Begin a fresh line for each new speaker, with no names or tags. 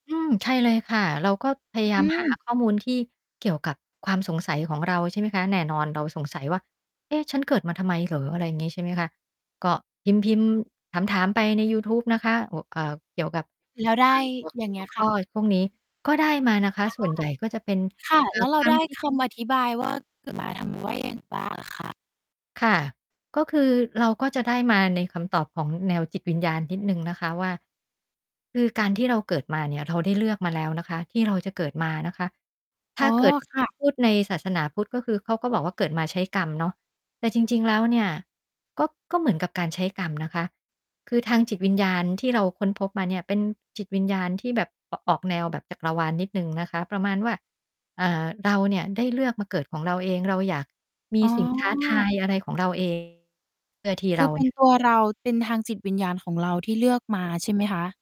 อืม ใช่เลยค่ะ เราก็พย
อื
า
อ
ยา
อื
มหา
ม
ข้อมูลที่เกี่ยวกับความสงสัยของเรา ใช่ไหมคะ แน่นอนเราสงสัยว่า เอ๊ะ ฉันเกิดมาทำไมเหรอ? อะไรอย่างงี้ ใช่ไหมคะ ก็พิมพ์ ๆ ถาม ๆ ไปในยูทูบนะคะ อ เอ่อ เกี่ยวกับ
แล้วได้
ต่างหัว
อย่างเ
ห
งี
ั
้
ว
ย
ข
ค่
้อ
ะ
พวกนี้ ก็ได้มานะคะ
ค่ะ
ส่วน ใหญ่ก็จะเป็น
ค่ะ
เอ่
แล
อ
้วเร
ค
า
วา
ได
ม
้
คิด
คำอธิบาย ว่า เกิดมาทำไม ว่ายังไงบ้างเหรอคะ?
ค่ะ ก็คือเราก็จะได้มาในคำตอบของแนวจิตวิญญาณนิดหนึ่งนะคะว่า คือการที่เราเกิดมาเนี่ย เราได้เลือกมาแล้ว นะคะ ที่เราจะเกิดมานะคะ ถ
อ๋
้
อ
าเกิด
ค่ะ
พูดในศาสนาพุทธ ก็คือเขาก็บอกว่าเกิดมาใช้กรรมเนาะ แต่จริง ๆ แล้วเนี่ย ก็ ก็เหมือนกับการใช้กรรมนะคะ คือทางจิตวิญญาณที่เราค้นพบมาเนี่ย เป็นจิตวิญญาณที่แบบ อ ออกแนวแบบจักรวาลนิดหนึ่งนะคะ ประมาณว่า อ่า เราเนี่ยได้เลือกมาเกิดของเราเอง เราอยากมี
อ๋อ
สิ่งท้าทายอะไรของเรา เอง เพื่อที่
ค
เ
ื
รา
อเป็
เ
น
นี่ย
ตัวเรา เป็นทางจิตวิญญาณของเราที่เลือกมาใช่ไหมคะ?